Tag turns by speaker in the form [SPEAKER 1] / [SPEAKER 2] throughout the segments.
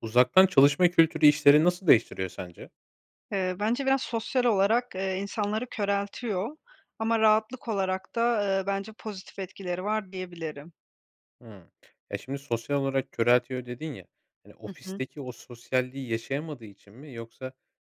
[SPEAKER 1] Uzaktan çalışma kültürü işleri nasıl değiştiriyor sence?
[SPEAKER 2] Iıı, bence biraz sosyal olarak, eee, insanları köreltiyor ama rahatlık olarak da, ııı, bence pozitif etkileri var diyebilirim.
[SPEAKER 1] Hıı. Eee, şimdi sosyal olarak köreltiyor dedin ya, hani,
[SPEAKER 2] Hı hı.
[SPEAKER 1] ofisteki o sosyalliği yaşayamadığı için mi yoksa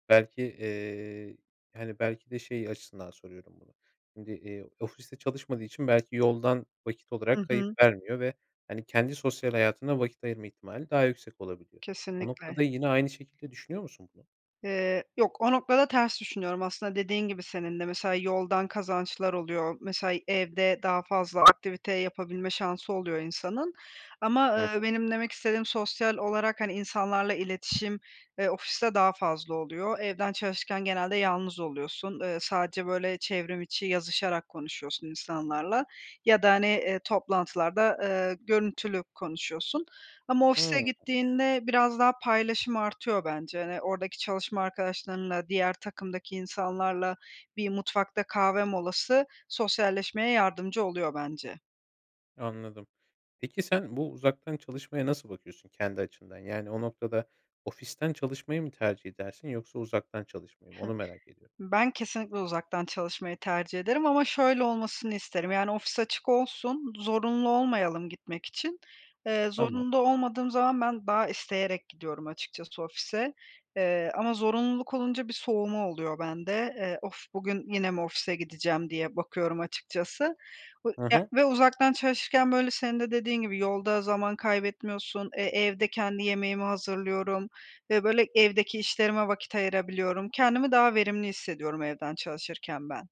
[SPEAKER 1] belki, eee, hani, belki de, şey açısından soruyorum bunu. Şimdi, eee, ofiste çalışmadığı için belki yoldan vakit olarak
[SPEAKER 2] Hı
[SPEAKER 1] kayıp
[SPEAKER 2] hı.
[SPEAKER 1] vermiyor ve hani, kendi sosyal hayatına vakit ayırma ihtimali daha yüksek olabiliyor. O
[SPEAKER 2] Kesinlikle.
[SPEAKER 1] noktada yine aynı şekilde düşünüyor musun bunu?
[SPEAKER 2] Iıı, yok. O noktada ters düşünüyorum. Aslında dediğin gibi senin de mesela yoldan kazançlar oluyor, mesela evde daha fazla aktivite yapabilme şansı oluyor insanın. Ama
[SPEAKER 1] Hı
[SPEAKER 2] ııı,
[SPEAKER 1] hı.
[SPEAKER 2] benim demek istediğim sosyal olarak, hani, insanlarla iletişim, ııı, ofiste daha fazla oluyor. Evden çalışırken genelde yalnız oluyorsun, ııı, sadece böyle çevrim içi yazışarak konuşuyorsun insanlarla ya da, hani, ııı, toplantılarda, ııı, görüntülü konuşuyorsun. Ama ofise
[SPEAKER 1] Hıı.
[SPEAKER 2] gittiğinde biraz daha paylaşım artıyor bence, hani, oradaki çalışma arkadaşlarınla, diğer takımdaki insanlarla bir mutfakta kahve molası sosyalleşmeye yardımcı oluyor bence.
[SPEAKER 1] Anladım. Peki, sen bu uzaktan çalışmaya nasıl bakıyorsun kendi açından? Yani, o noktada, ofisten çalışmayı mı tercih edersin yoksa uzaktan çalışmayı mı? Onu merak ediyorum.
[SPEAKER 2] Ben kesinlikle uzaktan çalışmayı tercih ederim ama şöyle olmasını isterim. Yani, ofis açık olsun, zorunlu olmayalım gitmek için. Eee,
[SPEAKER 1] Tamam.
[SPEAKER 2] zorunda olmadığım zaman ben daha isteyerek gidiyorum açıkçası ofise, eee, ama zorunluluk olunca bir soğuma oluyor bende, eee, of, bugün yine mi ofise gideceğim diye bakıyorum açıkçası ı
[SPEAKER 1] Hı
[SPEAKER 2] ya
[SPEAKER 1] hı.
[SPEAKER 2] ve uzaktan çalışırken, böyle, senin de dediğin gibi yolda zaman kaybetmiyorsun, e, evde kendi yemeğimi hazırlıyorum ve, böyle, evdeki işlerime vakit ayırabiliyorum. Kendimi daha verimli hissediyorum evden çalışırken ben.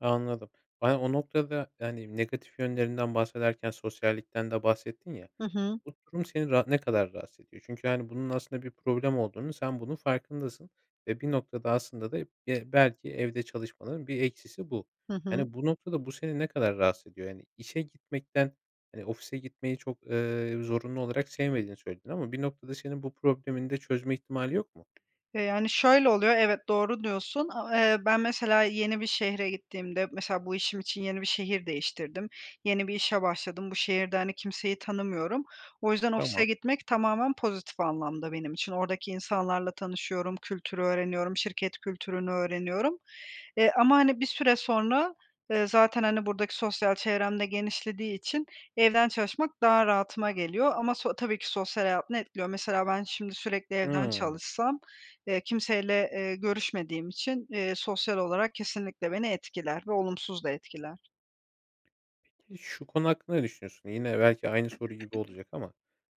[SPEAKER 1] Anladım. Ben, o noktada, yani, negatif yönlerinden bahsederken sosyallikten de bahsettin ya.
[SPEAKER 2] Hı hı.
[SPEAKER 1] Bu durum seni ra ne kadar rahatsız ediyor? Çünkü, hani, bunun aslında bir problem olduğunun, sen bunun farkındasın ve, bir noktada, aslında da be belki evde çalışmaların bir eksisi bu.
[SPEAKER 2] Hı hı.
[SPEAKER 1] Yani, bu noktada, bu seni ne kadar rahatsız ediyor, yani, işe gitmekten, eee, ofise gitmeyi çok, eee, zorunlu olarak sevmediğini söyledin ama, bir noktada, senin bu problemini de çözme ihtimali yok mu?
[SPEAKER 2] E, yani, şöyle oluyor, evet, doğru diyorsun. A eee, ben, mesela, yeni bir şehre gittiğimde, mesela, bu işim için yeni bir şehir değiştirdim. Yeni bir işe başladım. Bu şehirde, hani, kimseyi tanımıyorum. O yüzden ofise
[SPEAKER 1] Tamam.
[SPEAKER 2] gitmek tamamen pozitif anlamda benim için. Oradaki insanlarla tanışıyorum, kültürü öğreniyorum, şirket kültürünü öğreniyorum. E, ama, hani, bir süre sonra, eee, zaten, hani, buradaki sosyal çevrem de genişlediği için evden çalışmak daha rahatıma geliyor ama so tabii ki sosyal hayatını etkiliyor. Mesela, ben şimdi sürekli evden
[SPEAKER 1] Hıı.
[SPEAKER 2] çalışsam, eee, kimseyle, eee, görüşmediğim için, eee, sosyal olarak kesinlikle beni etkiler ve olumsuz da etkiler.
[SPEAKER 1] Peki, şu konu hakkında ne düşünüyorsun? Yine belki aynı soru gibi olacak ama,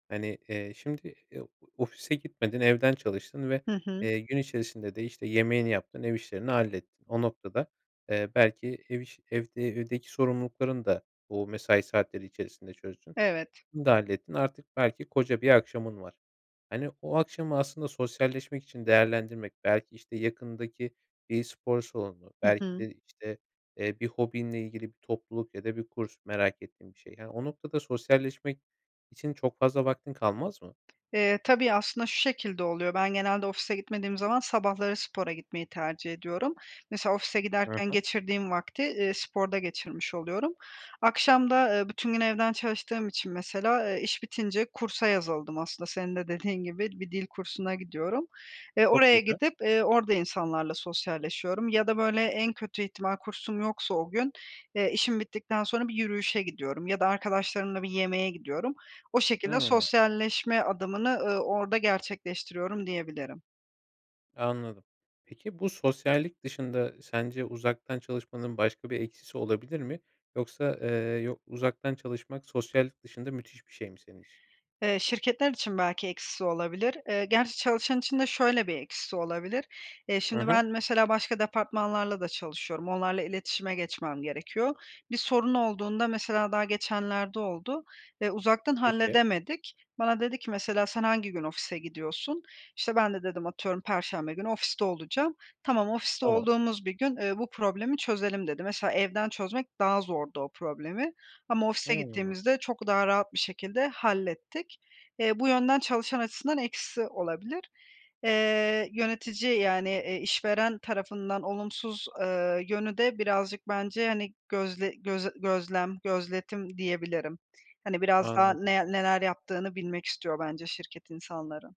[SPEAKER 1] hani, eee, şimdi, eee, ofise gitmedin evden çalıştın ve,
[SPEAKER 2] Hı hı.
[SPEAKER 1] eee, gün içerisinde de, işte, yemeğini yaptın, ev işlerini hallettin. O noktada, eee, belki, ev işi, evde evdeki sorumluluklarını da o mesai saatleri içerisinde çözdün.
[SPEAKER 2] Evet.
[SPEAKER 1] Bunu da hallettin artık belki koca bir akşamın var. Hani, o akşamı aslında sosyalleşmek için değerlendirmek, belki, işte, yakındaki bir spor salonu,
[SPEAKER 2] Hı
[SPEAKER 1] belki
[SPEAKER 2] hı.
[SPEAKER 1] de, işte, eee, bir hobinle ilgili bir topluluk ya da bir kurs merak ettiğim bir şey. Yani, o noktada sosyalleşmek için çok fazla vaktin kalmaz mı?
[SPEAKER 2] Eee, tabii, aslında, şu şekilde oluyor, ben genelde ofise gitmediğim zaman sabahları spora gitmeyi tercih ediyorum. Mesela ofise
[SPEAKER 1] Hı
[SPEAKER 2] giderken
[SPEAKER 1] hı.
[SPEAKER 2] geçirdiğim vakti, ııı, sporda geçirmiş oluyorum. Akşam da, ııı, bütün gün evden çalıştığım için mesela, ııı, iş bitince kursa yazıldım aslında senin de dediğin gibi bir dil kursuna gidiyorum ve
[SPEAKER 1] Çok
[SPEAKER 2] oraya
[SPEAKER 1] güzel.
[SPEAKER 2] gidip, ııı, orada insanlarla sosyalleşiyorum ya da, böyle, en kötü ihtimal kursum yoksa o gün, eee, işim bittikten sonra bir yürüyüşe gidiyorum ya da arkadaşlarımla bir yemeğe gidiyorum. O şekilde
[SPEAKER 1] Hıı.
[SPEAKER 2] sosyalleşme adımını, ııı, orada gerçekleştiriyorum diyebilirim.
[SPEAKER 1] Anladım. Peki bu sosyallik dışında sence uzaktan çalışmanın başka bir eksisi olabilir mi? Yoksa, eee, yo uzaktan çalışmak sosyallik dışında müthiş bir şey mi senin için?
[SPEAKER 2] Eee, şirketler için belki eksisi olabilir. Eee, gerçi çalışan için de şöyle bir eksisi olabilir; eee
[SPEAKER 1] Hı
[SPEAKER 2] şimdi
[SPEAKER 1] hı.
[SPEAKER 2] ben, mesela başka departmanlarla da çalışıyorum, onlarla iletişime geçmem gerekiyor. Bir sorun olduğunda mesela daha geçenlerde oldu ve uzaktan
[SPEAKER 1] Peki.
[SPEAKER 2] halledemedik. Bana dedi ki mesela, "Sen hangi gün ofise gidiyorsun?" işte, ben de dedim atıyorum, "Perşembe günü ofiste olacağım." "Tamam, ofiste
[SPEAKER 1] Tamam.
[SPEAKER 2] olduğumuz bir gün, eee, bu problemi çözelim" dedi. Mesela evden çözmek daha zordu o problemi ama ofise
[SPEAKER 1] Hıı.
[SPEAKER 2] gittiğimizde çok daha rahat bir şekilde hallettik. Eee, bu yönden çalışan açısından eksi olabilir. Eee yönetici, yani, eee, işveren tarafından olumsuz, eee, yönü de birazcık bence, hani, gözle göz gözlem gözletim diyebilirim. Hani, biraz daha
[SPEAKER 1] Anladım.
[SPEAKER 2] ne neler yaptığını bilmek istiyor bence şirket insanların.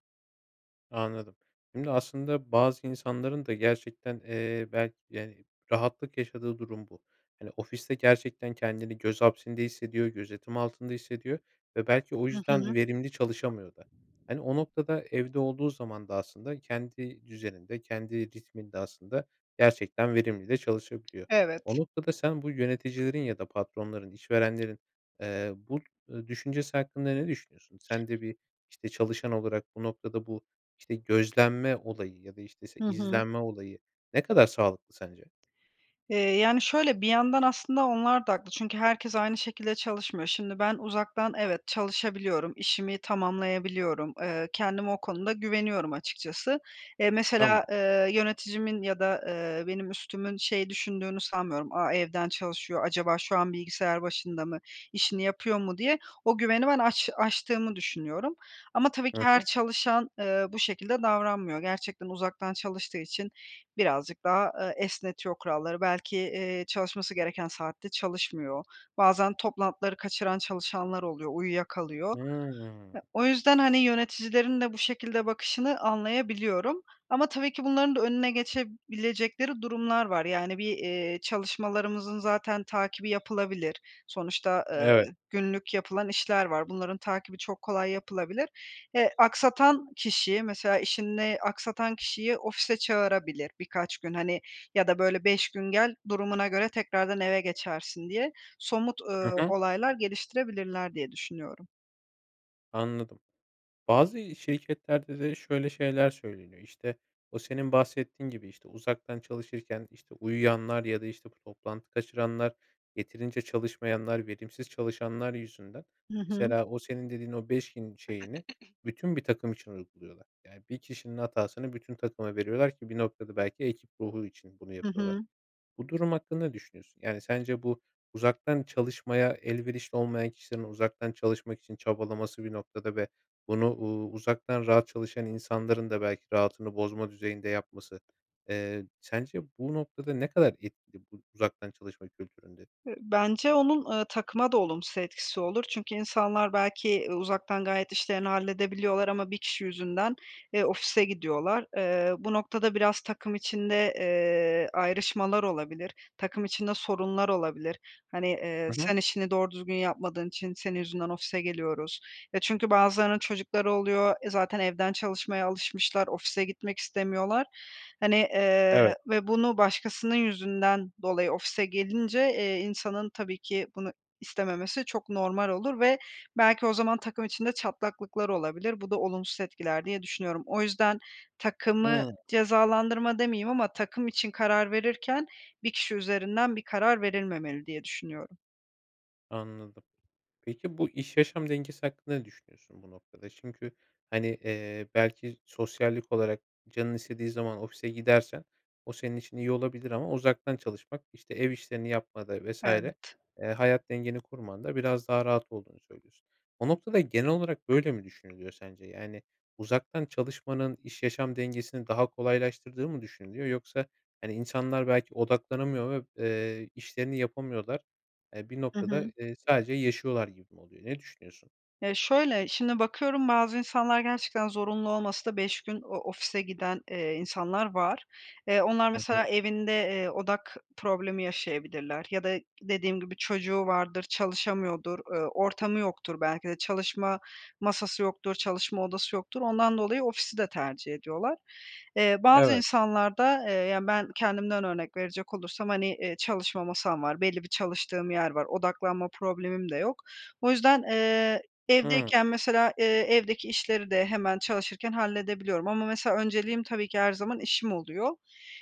[SPEAKER 1] Anladım. Şimdi aslında bazı insanların da gerçekten, eee, belki, yani, rahatlık yaşadığı durum bu. Hani, ofiste gerçekten kendini göz hapsinde hissediyor, gözetim altında hissediyor ve belki o
[SPEAKER 2] Hı
[SPEAKER 1] yüzden
[SPEAKER 2] hı.
[SPEAKER 1] verimli çalışamıyor da. Hani, o noktada evde olduğu zaman da aslında kendi düzeninde, kendi ritminde aslında gerçekten verimli de çalışabiliyor. O
[SPEAKER 2] Evet.
[SPEAKER 1] noktada sen bu yöneticilerin ya da patronların, işverenlerin, eee, bu, eee, düşüncesi hakkında ne düşünüyorsun? Sen de bir, işte, çalışan olarak bu noktada bu, işte, gözlenme olayı ya da işte se
[SPEAKER 2] Hı hı.
[SPEAKER 1] izlenme olayı ne kadar sağlıklı sence?
[SPEAKER 2] Eee, yani şöyle bir yandan aslında onlar da haklı, çünkü herkes aynı şekilde çalışmıyor. Şimdi ben, uzaktan evet, çalışabiliyorum, işimi tamamlayabiliyorum, eee, kendime o konuda güveniyorum açıkçası. Eee,
[SPEAKER 1] Tamam.
[SPEAKER 2] mesela, eee, yöneticimin ya da, eee, benim üstümün şey düşündüğünü sanmıyorum, "A, evden çalışıyor, acaba şu an bilgisayar başında mı, işini yapıyor mu?" diye o güveni ben aç aştığımı düşünüyorum ama tabii ki
[SPEAKER 1] Hı
[SPEAKER 2] her
[SPEAKER 1] hı.
[SPEAKER 2] çalışan, eee, bu şekilde davranmıyor. Gerçekten uzaktan çalıştığı için birazcık daha, eee, esnetiyor kuralları. Belki, eee, çalışması gereken saatte çalışmıyor. Bazen toplantıları kaçıran çalışanlar oluyor, uyuyakalıyor.
[SPEAKER 1] Hıı.
[SPEAKER 2] Ya, o yüzden, hani, yöneticilerin de bu şekilde bakışını anlayabiliyorum ama tabii ki bunların da önüne geçebilecekleri durumlar var. Yani, bir, eee, çalışmalarımızın zaten takibi yapılabilir. Sonuçta, eee,
[SPEAKER 1] Evet.
[SPEAKER 2] günlük yapılan işler var. Bunların takibi çok kolay yapılabilir. Eee, aksatan kişiyi, mesela işini aksatan kişiyi, ofise çağırabilir birkaç gün, hani, ya da böyle 5 gün gel, durumuna göre tekrardan eve geçersin diye somut, ııı,
[SPEAKER 1] Hı hı.
[SPEAKER 2] olaylar geliştirebilirler diye düşünüyorum.
[SPEAKER 1] Anladım. Bazı şirketlerde de şöyle şeyler söyleniyor. İşte, o senin bahsettiğin gibi, işte, uzaktan çalışırken, işte, uyuyanlar ya da, işte, bu toplantı kaçıranlar, yeterince çalışmayanlar, verimsiz çalışanlar yüzünden,
[SPEAKER 2] Hı hı.
[SPEAKER 1] mesela, o senin dediğin o 5 gün şeyini bütün bir takım için uyguluyorlar. Yani, bir kişinin hatasını bütün takıma veriyorlar ki, bir noktada, belki ekip ruhu için bunu
[SPEAKER 2] Hı
[SPEAKER 1] yapıyorlar.
[SPEAKER 2] hı.
[SPEAKER 1] Bu durum hakkında ne düşünüyorsun? Yani, sence bu uzaktan çalışmaya elverişli olmayan kişilerin uzaktan çalışmak için çabalaması, bir noktada, ve bunu uuu, uzaktan rahat çalışan insanların da belki rahatını bozma düzeyinde yapması, eee, sence, bu noktada, ne kadar etkili bu uzaktan çalışma kültüründe?
[SPEAKER 2] Bence onun, ııı, takıma da olumsuz etkisi olur. Çünkü insanlar belki, ııı, uzaktan gayet işlerini halledebiliyorlar ama bir kişi yüzünden, eee, ofise gidiyorlar. Eee, bu noktada biraz takım içinde, eee, ayrışmalar olabilir, takım içinde sorunlar olabilir. Hani, eee,
[SPEAKER 1] Hı hı.
[SPEAKER 2] sen işini doğru düzgün yapmadığın için senin yüzünden ofise geliyoruz ve çünkü bazılarının çocukları oluyor. E, zaten evden çalışmaya alışmışlar, ofise gitmek istemiyorlar, hani, ııı,
[SPEAKER 1] Evet.
[SPEAKER 2] ve bunu başkasının yüzünden dolayı ofise gelince, eee, insanın tabii ki bunu istememesi çok normal olur ve belki o zaman takım içinde çatlaklıklar olabilir, bu da olumsuz etkiler diye düşünüyorum. O yüzden takımı
[SPEAKER 1] Hıı.
[SPEAKER 2] cezalandırma demeyeyim ama takım için karar verirken 1 kişi üzerinden bir karar verilmemeli diye düşünüyorum.
[SPEAKER 1] Anladım. Peki bu iş yaşam dengesi hakkında ne düşünüyorsun bu noktada? Çünkü hani, eee, belki sosyallik olarak canının istediği zaman ofise gidersen o senin için iyi olabilir ama uzaktan çalışmak işte ev işlerini yapmada vs. eee,
[SPEAKER 2] Evet.
[SPEAKER 1] hayat dengeni kurmanda biraz daha rahat olduğunu söylüyorsun. O noktada genel olarak böyle mi düşünülüyor sence? Yani uzaktan çalışmanın iş yaşam dengesini daha kolaylaştırdığı mı düşünülüyor yoksa hani insanlar belki odaklanamıyor ve, eee, işlerini yapamıyorlar. Eee, bir
[SPEAKER 2] Hı
[SPEAKER 1] noktada,
[SPEAKER 2] hı.
[SPEAKER 1] eee, sadece yaşıyorlar gibi mi oluyor? Ne düşünüyorsun?
[SPEAKER 2] Ya şöyle, şimdi bakıyorum bazı insanlar gerçekten zorunlu olmasa da 5 gün o ofise giden, eee, insanlar var. Eee, onlar
[SPEAKER 1] Hı
[SPEAKER 2] mesela
[SPEAKER 1] hı.
[SPEAKER 2] evinde, eee, odak problemi yaşayabilirler ya da dediğim gibi çocuğu vardır, çalışamıyordur, eee, ortamı yoktur belki de çalışma masası yoktur, çalışma odası yoktur, ondan dolayı ofisi de tercih ediyorlar. Eee, bazı
[SPEAKER 1] Evet.
[SPEAKER 2] insanlar da, eee, yani ben kendimden örnek verecek olursam hani, eee, çalışma masam var belli bir çalıştığım yer var odaklanma problemim de yok. O yüzden, eee,
[SPEAKER 1] Hıı.
[SPEAKER 2] evdeyken mesela, eee, evdeki işleri de hemen çalışırken halledebiliyorum ama mesela önceliğim tabii ki her zaman işim oluyor.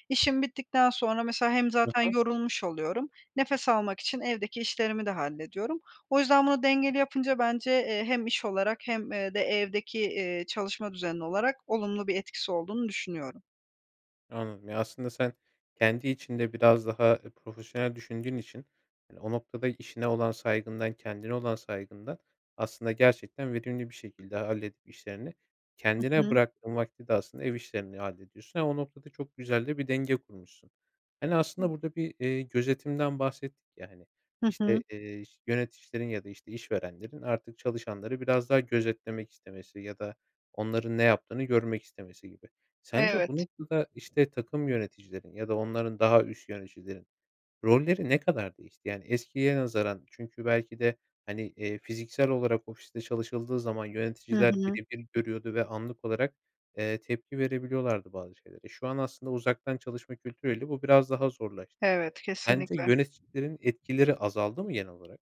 [SPEAKER 2] İşim bittikten sonra mesela hem
[SPEAKER 1] I
[SPEAKER 2] zaten
[SPEAKER 1] hı.
[SPEAKER 2] yorulmuş oluyorum, nefes almak için evdeki işlerimi de hallediyorum. O yüzden bunu dengeli yapınca bence, eee, hem iş olarak hem, eee, de evdeki, eee, çalışma düzeni olarak olumlu bir etkisi olduğunu düşünüyorum.
[SPEAKER 1] Anladım. Ya, aslında sen kendi içinde biraz daha profesyonel düşündüğün için, hani, o noktada, işine olan saygından, kendine olan saygından, aslında, gerçekten verimli bir şekilde halledip işlerini
[SPEAKER 2] Hı
[SPEAKER 1] kendine
[SPEAKER 2] hı.
[SPEAKER 1] bıraktığın vakti de aslında ev işlerini hallediyorsun. Ama, o noktada, çok güzel de bir denge kurmuşsun. Hani, aslında,
[SPEAKER 2] [unintelligible]
[SPEAKER 1] burada bir, eee, gözetimden bahsettik ya, hani,
[SPEAKER 2] Hı hı.
[SPEAKER 1] işte, eee, yöneticilerin ya da, işte, işverenlerin artık çalışanları biraz daha gözetlemek istemesi ya da onların ne yaptığını görmek istemesi gibi. Sence, bu
[SPEAKER 2] Evet.
[SPEAKER 1] noktada, işte, takım yöneticilerin ya da onların daha üst yöneticilerin rolleri ne kadar değişti? Yani, eskiye nazaran çünkü belki de, hani, eee, fiziksel olarak ofiste çalışıldığı zaman
[SPEAKER 2] Hı
[SPEAKER 1] yöneticiler
[SPEAKER 2] hı.
[SPEAKER 1] bire bir görüyordu ve anlık olarak, eee, tepki verebiliyorlardı bazı şeylere. Şu an aslında uzaktan çalışma kültürüyle bu biraz daha zorlaştı.
[SPEAKER 2] Evet,
[SPEAKER 1] Sence
[SPEAKER 2] kesinlikle.
[SPEAKER 1] yöneticilerin etkileri azaldı mı genel olarak?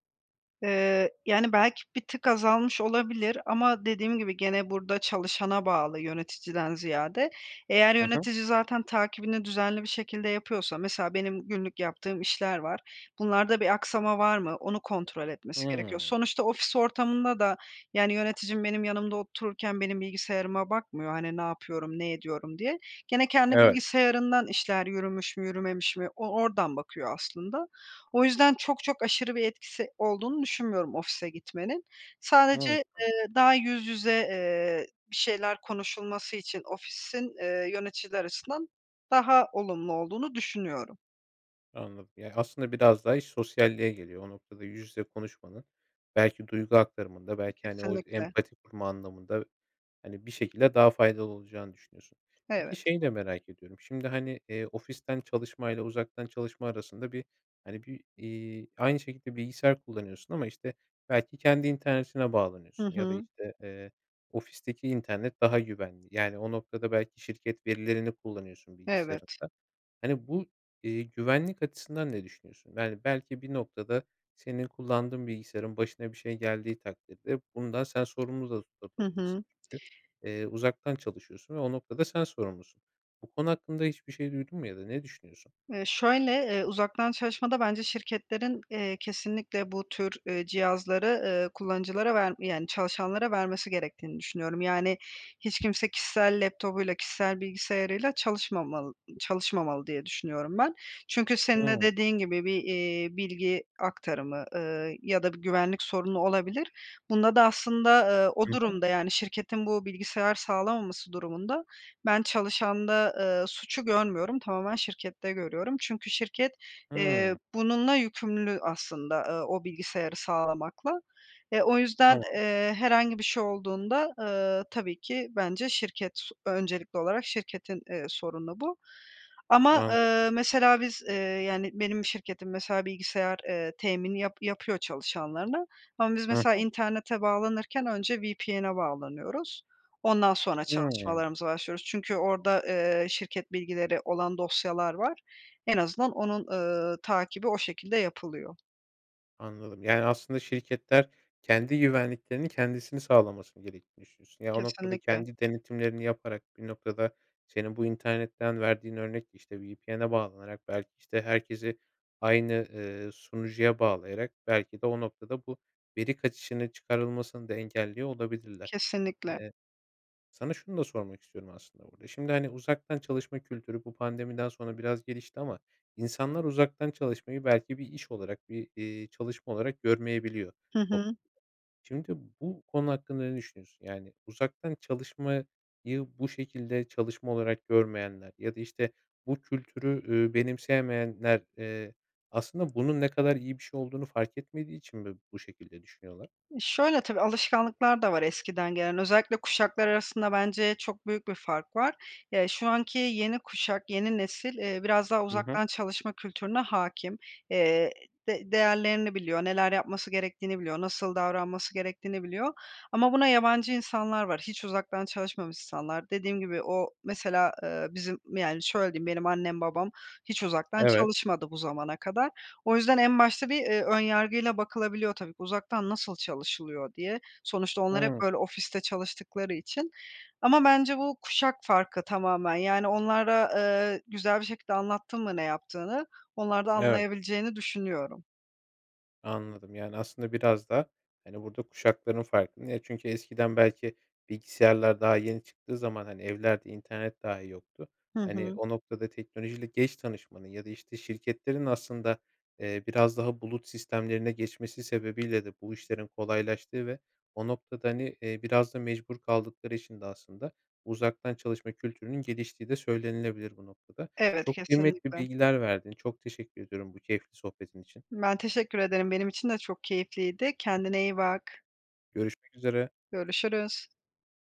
[SPEAKER 2] Eee, yani, belki bir tık azalmış olabilir ama dediğim gibi gene burada çalışana bağlı yöneticiden ziyade. Eğer
[SPEAKER 1] Hı hı.
[SPEAKER 2] yönetici zaten takibini düzenli bir şekilde yapıyorsa, mesela, benim günlük yaptığım işler var. Bunlarda bir aksama var mı? Onu kontrol etmesi gerekiyor.
[SPEAKER 1] Hıı.
[SPEAKER 2] Sonuçta ofis ortamında da, yani, yöneticim benim yanımda otururken benim bilgisayarıma bakmıyor, hani, ne yapıyorum, ne ediyorum diye. Gene, kendi
[SPEAKER 1] Evet.
[SPEAKER 2] bilgisayarından işler yürümüş mü, yürümemiş mi, o oradan bakıyor aslında. O yüzden çok çok aşırı bir etkisi olduğunu düşünmüyorum ofise gitmenin. Sadece,
[SPEAKER 1] [unintelligible]
[SPEAKER 2] eee, daha yüz yüze, eee, bir şeyler konuşulması için ofisin, eee, yöneticiler açısından daha olumlu olduğunu düşünüyorum.
[SPEAKER 1] Anladım, yani, aslında biraz daha iş sosyalliğe geliyor o noktada. Yüz yüze konuşmanın belki duygu aktarımında
[SPEAKER 2] E,
[SPEAKER 1] belki, hani, o
[SPEAKER 2] kesinlikle.
[SPEAKER 1] empati kurma anlamında, hani, bir şekilde daha faydalı olacağını düşünüyorsun. Peki,
[SPEAKER 2] Evet.
[SPEAKER 1] şeyi de merak ediyorum. Şimdi, hani, eee, ofisten çalışmayla uzaktan çalışma arasında bir, hani, bir, eee, aynı şekilde bilgisayar kullanıyorsun ama, işte, belki kendi internetine
[SPEAKER 2] Hı
[SPEAKER 1] bağlanıyorsun ya da,
[SPEAKER 2] hı.
[SPEAKER 1] işte, eee, ofisteki internet daha güvenli. Yani, o noktada, belki şirket verilerini kullanıyorsun
[SPEAKER 2] Evet.
[SPEAKER 1] bilgisayarından. Hani, bu, eee, güvenlik açısından ne düşünüyorsun? Yani, belki, bir noktada, senin kullandığın bilgisayarın başına bir şey geldiği takdirde bundan sen sorumlu da
[SPEAKER 2] Hı
[SPEAKER 1] tutulabilirsin
[SPEAKER 2] hı.
[SPEAKER 1] çünkü, eee, uzaktan çalışıyorsun ve o noktada sen sorumlusun. Bu konu hakkında hiçbir şey duydun mu ya da ne düşünüyorsun?
[SPEAKER 2] Eee, şöyle, eee, uzaktan çalışmada bence şirketlerin, eee, kesinlikle bu tür, eee, cihazları, eee, kullanıcılara ver yani, çalışanlara vermesi gerektiğini düşünüyorum. Yani, hiç kimse kişisel laptopuyla, kişisel bilgisayarıyla çalışmamal çalışmamalı diye düşünüyorum ben. Çünkü senin de
[SPEAKER 1] Hıı.
[SPEAKER 2] dediğin gibi bir, eee, bilgi aktarımı, ııı, ya da bir güvenlik sorunu olabilir. Bunda da aslında, ııı, o
[SPEAKER 1] Hı hı.
[SPEAKER 2] durumda, yani, şirketin bu bilgisayar sağlamaması durumunda ben çalışanda, ııı, suçu görmüyorum, tamamen şirkette görüyorum. Çünkü şirket, eee,
[SPEAKER 1] Hımm.
[SPEAKER 2] bununla yükümlü aslında, ııı, o bilgisayarı sağlamakla. E, o yüzden,
[SPEAKER 1] Tamam.
[SPEAKER 2] eee, herhangi bir şey olduğunda, ııı, tabii ki bence şirket, öncelikli olarak şirketin, eee, sorunu bu. Ama,
[SPEAKER 1] Anladım.
[SPEAKER 2] ııı, mesela biz, eee, yani, benim şirketim mesela bilgisayar, ııı, temini yap yapıyor çalışanlarına ama biz
[SPEAKER 1] Hı
[SPEAKER 2] mesela
[SPEAKER 1] hı.
[SPEAKER 2] internete bağlanırken önce VPN'e bağlanıyoruz, ondan sonra
[SPEAKER 1] Hımm.
[SPEAKER 2] çalışmalarımıza başlıyoruz. Çünkü orada, eee, şirket bilgileri olan dosyalar var, en azından onun, ııı, takibi o şekilde yapılıyor.
[SPEAKER 1] Anladım. Yani aslında şirketler kendi güvenliklerini kendisinin sağlaması gerektiğini düşünüyorsun. Ya o noktada
[SPEAKER 2] Kesinlikle.
[SPEAKER 1] kendi denetimlerini yaparak, bir noktada senin bu internetten verdiğin örnek işte VPN'e bağlanarak belki işte herkesi aynı, ııı, sunucuya bağlayarak belki de o noktada bu veri kaçışını çıkarılmasını da engelliyor olabilirler.
[SPEAKER 2] Kesinlikle.
[SPEAKER 1] Eee, sana şunu da sormak istiyorum aslında burda. Şimdi hani uzaktan çalışma kültürü bu pandemiden sonra biraz gelişti ama insanlar uzaktan çalışmayı belki bir iş olarak, bir, iii, çalışma olarak görmeyebiliyor
[SPEAKER 2] Hı hı.
[SPEAKER 1] toplumda. Şimdi bu konu hakkında ne düşünüyorsun? Yani uzaktan çalışmayı bu şekilde çalışma olarak görmeyenler ya da işte bu kültürü, ııı, benimseyemeyenler, eee, aslında bunun ne kadar iyi bir şey olduğunu fark etmediği için mi bu şekilde düşünüyorlar?
[SPEAKER 2] Eee, şöyle, tabii alışkanlıklar da var eskiden gelen, özellikle kuşaklar arasında bence çok büyük bir fark var. Ya, şu anki yeni kuşak yeni nesil, eee, biraz daha
[SPEAKER 1] Hı hı.
[SPEAKER 2] uzaktan çalışma kültürüne hâkim, eee, de değerlerini biliyor, neler yapması gerektiğini biliyor, nasıl davranması gerektiğini biliyor ama buna yabancı insanlar var, hiç uzaktan çalışmamış insanlar. Dediğim gibi o mesela, ııı, bizim yani şöyle diyeyim benim annem babam hiç uzaktan
[SPEAKER 1] Evet.
[SPEAKER 2] çalışmadı bu zamana kadar. O yüzden en başta bir, eee, ön yargıyla bakılabiliyor tabii, uzaktan nasıl çalışılıyor diye. Sonuçta onlar hep,
[SPEAKER 1] Hıı.
[SPEAKER 2] böyle, ofiste çalıştıkları için. Ama bence bu kuşak farkı tamamen yani onlara, eee, güzel bir şekilde anlattın mı ne yaptığını, onlar da
[SPEAKER 1] Evet.
[SPEAKER 2] anlayabileceğini düşünüyorum.
[SPEAKER 1] Anladım yani aslında biraz da hani burda kuşakların farkı. Niye çünkü eskiden belki bilgisayarlar daha yeni çıktığı zaman hani evlerde internet dahi yoktu.
[SPEAKER 2] Hı
[SPEAKER 1] Hani
[SPEAKER 2] hı.
[SPEAKER 1] o noktada teknolojiyle geç tanışmanın ya da işte şirketlerin aslında, eee, biraz daha bulut sistemlerine geçmesi sebebiyle de bu işlerin kolaylaştığı ve o noktada hani, eee, biraz da mecbur kaldıkları için de aslında uzaktan çalışma kültürünün geliştiği de söylenilebilir bu noktada.
[SPEAKER 2] Evet,
[SPEAKER 1] Çok kıymetli
[SPEAKER 2] kesinlikle.
[SPEAKER 1] bilgiler verdin. Çok teşekkür ediyorum bu keyifli sohbetin için.
[SPEAKER 2] Ben teşekkür ederim, benim için de çok keyifliydi, kendine iyi bak.
[SPEAKER 1] Görüşmek üzere.
[SPEAKER 2] Görüşürüz.